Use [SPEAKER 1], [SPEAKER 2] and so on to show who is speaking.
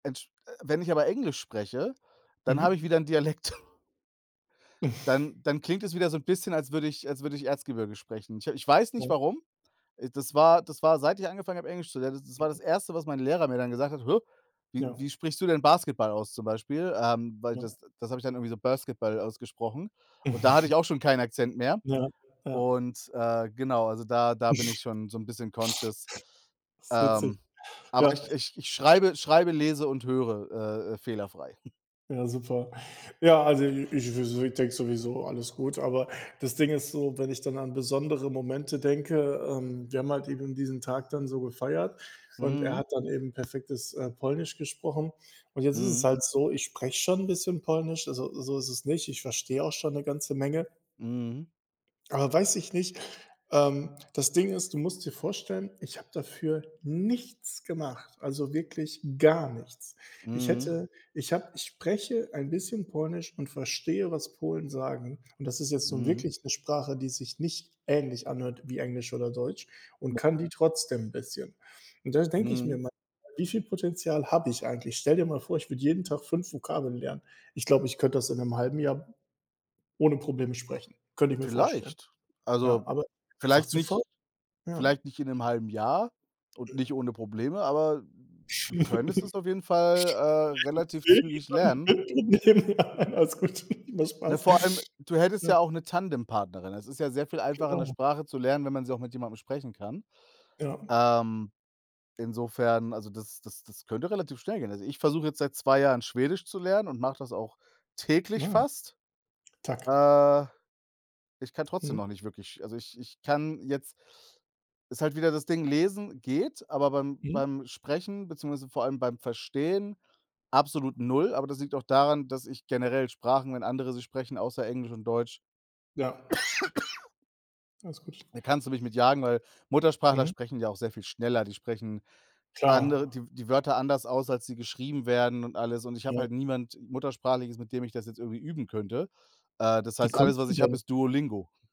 [SPEAKER 1] Entsch wenn ich aber Englisch spreche, dann habe ich
[SPEAKER 2] Mhm.
[SPEAKER 1] wieder 'n Dialekt. Dann dann klingt es wieder so 'n bisschen, als würde ich als würde ich Erzgebirge sprechen. Ich ich weiß nicht
[SPEAKER 2] [unintelligible]
[SPEAKER 1] warum, ah, das war das war seit ich angefangen habe Englisch zu lernen, das war das
[SPEAKER 2] Mhm.
[SPEAKER 1] Erste, was mein Lehrer mir dann gesagt hat: „Hä, wie
[SPEAKER 2] Ja.
[SPEAKER 1] wie sprichst du denn Basketball aus?", zum Beispiel. Ähm, weil
[SPEAKER 2] Ja.
[SPEAKER 1] das das habe ich dann irgendwie so Basketball ausgesprochen und da hatte ich auch schon keinen Akzent mehr.
[SPEAKER 2] Ja, ja.
[SPEAKER 1] Und, äh, genau, also da da bin
[SPEAKER 2] Ist
[SPEAKER 1] ich schon so 'n bisschen conscious.
[SPEAKER 2] witzig.
[SPEAKER 1] Ähm, aber
[SPEAKER 2] Ja.
[SPEAKER 1] ich ich ich schreibe schreibe, lese und höre, äh, äh, fehlerfrei.
[SPEAKER 2] Ja, super. Ja, also i ich w ich denke sowieso, alles gut, aber das Ding ist so, wenn ich dann an besondere Momente denke, ähm wir haben halt eben diesen Tag dann so gefeiert und er
[SPEAKER 1] Mhm.
[SPEAKER 2] hat dann eben perfektes, äh, Polnisch gesprochen, und jetzt ist es
[SPEAKER 1] Mhm.
[SPEAKER 2] halt so, ich spreche schon 'n bisschen Polnisch, also so ist es nicht, ich verstehe auch schon 'ne ganze Menge
[SPEAKER 1] Mhm.
[SPEAKER 2] aber, weiß ich nicht ähm, das Ding ist, du musst dir vorstellen, ich habe dafür nichts gemacht, also wirklich gar nichts. Ich
[SPEAKER 1] Mhm.
[SPEAKER 2] hätte ich habe ich spreche ein bisschen Polnisch und verstehe, was Polen sagen. Und das ist jetzt so
[SPEAKER 1] Mhm.
[SPEAKER 2] wirklich 'ne Sprache, die sich nicht ähnlich anhört wie Englisch oder Deutsch, und
[SPEAKER 1] [unintelligible]
[SPEAKER 2] kann die trotzdem 'n bisschen. Und da denke ich mir
[SPEAKER 1] Mhm.
[SPEAKER 2] manchmal: „Wie viel Potenzial habe ich eigentlich?” Stell dir mal vor, ich würde jeden Tag 5 Vokabeln lernen. Ich glaube, ich könnte das in 'nem 1/2 Jahr ohne Probleme sprechen, könnte ich mir vorstellen.
[SPEAKER 1] Vielleicht.
[SPEAKER 2] Ja,
[SPEAKER 1] Also
[SPEAKER 2] aber einfach
[SPEAKER 1] vielleicht
[SPEAKER 2] zu faul.
[SPEAKER 1] nicht
[SPEAKER 2] Ja.
[SPEAKER 1] vielleicht nicht in 'nem 1/2 Jahr und nicht
[SPEAKER 2] Ja.
[SPEAKER 1] ohne Probleme, aber du könntest es auf jeden Fall, äh,
[SPEAKER 2] Vielleicht
[SPEAKER 1] relativ zügig lernen.
[SPEAKER 2] in 10 [unintelligible] dann [unintelligible] Alles gut, war
[SPEAKER 1] Ne, vor allem
[SPEAKER 2] Spaß,
[SPEAKER 1] du hättest ja
[SPEAKER 2] ne?
[SPEAKER 1] auch 'ne Tandempartnerin. Das ist ja sehr viel einfacher, 'ne
[SPEAKER 2] Genau.
[SPEAKER 1] Sprache zu lernen, wenn man sie auch mit jemandem sprechen kann,
[SPEAKER 2] Ja.
[SPEAKER 1] ähm, insofern also das das das könnte relativ schnell gehen. Also, ich versuche jetzt seit 2 Jahren, Schwedisch zu lernen, und mache das auch täglich
[SPEAKER 2] Ne.
[SPEAKER 1] fast.
[SPEAKER 2] Tack.
[SPEAKER 1] Äh, ich kann trotzdem
[SPEAKER 2] Mhm.
[SPEAKER 1] noch nicht wirklich also ich ich kann jetzt ist halt wieder das Ding, lesen geht, aber beim
[SPEAKER 2] Mhm.
[SPEAKER 1] beim Sprechen, beziehungsweise vor allem beim Verstehen, absolut null, aber das liegt auch daran, dass ich generell Sprachen, wenn andere sie sprechen, außer Englisch und Deutsch
[SPEAKER 2] Ja. Alles gut.
[SPEAKER 1] da kannst du mich mit jagen, weil Muttersprachler
[SPEAKER 2] Mhm.
[SPEAKER 1] sprechen ja auch sehr viel schneller. Die sprechen
[SPEAKER 2] Klar.
[SPEAKER 1] andere die die Wörter anders aus, als sie geschrieben werden und alles und ich
[SPEAKER 2] Ja.
[SPEAKER 1] habe halt niemand Muttersprachliches, mit dem ich das jetzt irgendwie üben könnte, äh, das
[SPEAKER 2] Wie
[SPEAKER 1] heißt, alles,
[SPEAKER 2] kommst
[SPEAKER 1] was
[SPEAKER 2] du
[SPEAKER 1] ich habe,
[SPEAKER 2] denn
[SPEAKER 1] ist Duolingo.